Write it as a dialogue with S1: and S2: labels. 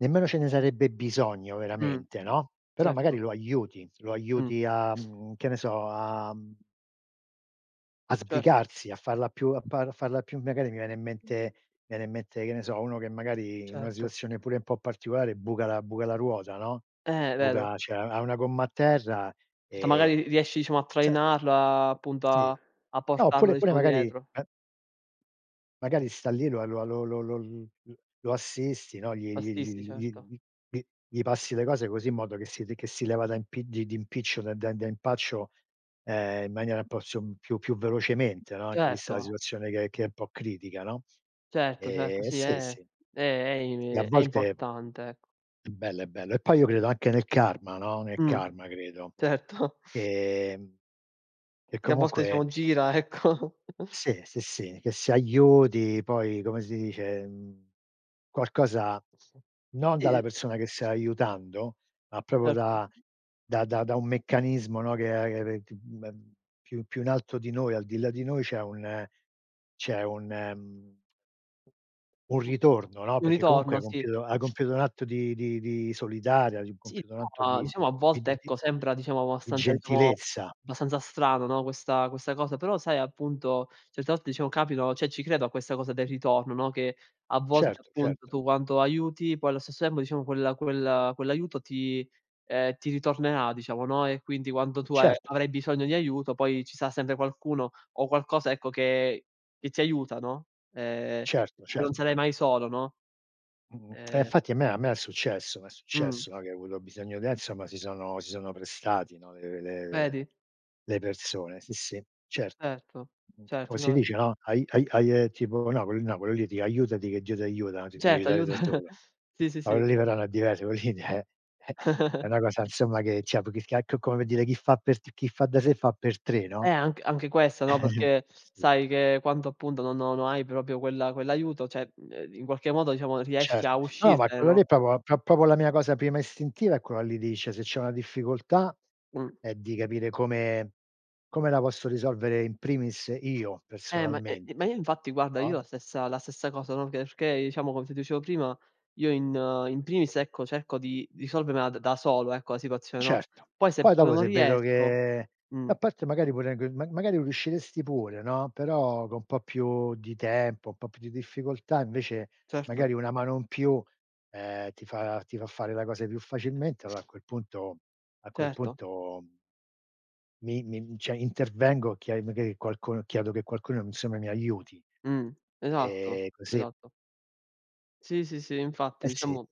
S1: Nemmeno ce ne sarebbe bisogno
S2: Mh.
S1: veramente, no. Però magari
S2: Certo.
S1: lo aiuti, lo
S2: Mh.
S1: aiuti a, mhmm, che ne so, a mhmm a
S2: Certo.
S1: sbrigarsi, a farla più, a pa a farla più magari mi viene in mente mi viene in mente, che ne so, uno che magari in una
S2: Certo.
S1: situazione pure un po' particolare buca la buca la ruota, no.
S2: Eh vero.
S1: Buca cioè, ha 1 gomma a terra
S2: Cioè,
S1: e
S2: magari riesci diciamo a
S1: se
S2: trainarla appunto
S1: Sì,
S2: a a
S1: no
S2: portarlo
S1: oppure pure
S2: diciamo
S1: magari
S2: dietro.
S1: eh magari sta lì la lo lo lo l lo assisti, no, gli
S2: Lo
S1: gli
S2: assisti
S1: gli gli gli
S2: certo.
S1: gli gli gli passi le cose così in modo che si che si leva da impi di di impiccio da da da impaccio, ehm, in maniera un po' su più più velocemente, no. Anche vista la
S2: Certo.
S1: situazione che che è un po' critica, no.
S2: Certo, certo,
S1: Ehm,
S2: sì
S1: sì,
S2: è
S1: sì.
S2: è è è
S1: E a
S2: i è
S1: volte
S2: importante ecco.
S1: È bello, è bello. E poi io credo anche nel karma, no, nel
S2: Mh.
S1: karma credo.
S2: Certo.
S1: Ehm, e
S2: Che a volte
S1: comunque
S2: diciamo gira, ecco.
S1: Sì, sì, sì che si aiuti poi, come si dice, mhmm, qualcosa non dalla
S2: Sì.
S1: persona che sta aiutando, ma proprio
S2: Erto.
S1: da da da da un meccanismo, no, che eh che ehm, m più più in alto di noi, al di là di noi, c'è un c'è un mhmm un
S2: Mh.
S1: ritorno, no,
S2: Un
S1: perché comunque
S2: ritorno,
S1: hai
S2: sì.
S1: compiuto hai compiuto un atto di di di solidare, hai
S2: Sì,
S1: compiuto un atto
S2: no
S1: di
S2: diciamo a
S1: di
S2: volte
S1: di
S2: ecco sembra diciamo
S1: di
S2: abbastanza diciamo
S1: gentilezza.
S2: abbastanza strano, no, questa questa cosa, però sai appunto certe volte diciamo capitano, cioè, ci credo a questa cosa del ritorno, no, che a volte
S1: Certo,
S2: appunto
S1: certo.
S2: tu quanto aiuti, poi allo stesso tempo diciamo quel quel quell'aiuto ti ehm, ti ritornerà diciamo, no, e quindi quando tu a
S1: Certo.
S2: avrai bisogno di aiuto poi ci sarà sempre qualcuno o qualcosa ecco che che ti aiuta, no, ehm,
S1: Certo,
S2: non
S1: certo.
S2: sarai mai solo, no?
S1: Mh-mh, eh
S2: Ehm
S1: infatti a me a me è successo m'è
S2: Mh.
S1: successo, no, che ho avuto bisogno eh, insomma si sono si sono prestati, no, le le
S2: Vedi?
S1: le persone. Sì, sì, certo.
S2: Erto, certo
S1: Come si
S2: no
S1: dice, no, ai ai ai, ehm, tipo Napoli Napoli lì, ti aiutati che Dio ti aiuta, ti devi
S2: Certo
S1: aiutare da
S2: aiuta.
S1: solo
S2: Sì, sì, sì.
S1: [unintelligible] eh, è una cosa insomma, che c'è, più che schia come per dire, chi fa per t chi fa da sé fa per 3,
S2: Eh
S1: no.
S2: anche anche questa, no, perché
S1: Sì.
S2: sai che quanto appunto no no no hai proprio quella quell'aiuto, cioè, uhm in qualche modo diciamo riesci a
S1: Certo. No, ma
S2: uscirtene,
S1: quello
S2: no?
S1: lì è proprio pro proprio la mia cosa prima istintiva è quella lì di cioè se c'è una difficoltà
S2: Mh.
S1: è di capire come come la posso risolvere in primis io
S2: Eh ma eh, ma io
S1: personalmente,
S2: infatti guarda io
S1: no?
S2: la stessa la stessa cosa, no, che perché diciamo come ti dicevo prima, io in in primis ecco cerco di risolvermela d da solo ecco la situazione, no,
S1: Certo.
S2: poi se
S1: Poi
S2: proprio
S1: dopo
S2: non
S1: se vedo
S2: riesco
S1: che
S2: mh.
S1: a parte magari pure g ma magari riusciresti pure, no, però con un po' più di tempo, un po' più di difficoltà invece
S2: Certo.
S1: magari una mano in più, ehm, ti fa ti fa fare la cosa più facilmente, allora a quel punto a quel
S2: Certo.
S1: punto mi mi cioè, intervengo, chiedo magari qualcuno chiedo che qualcuno insomma mi aiuti.
S2: Mh esatto,
S1: E così.
S2: esatto. Sì, sì, sì infatti
S1: Eh sì.
S2: diciamo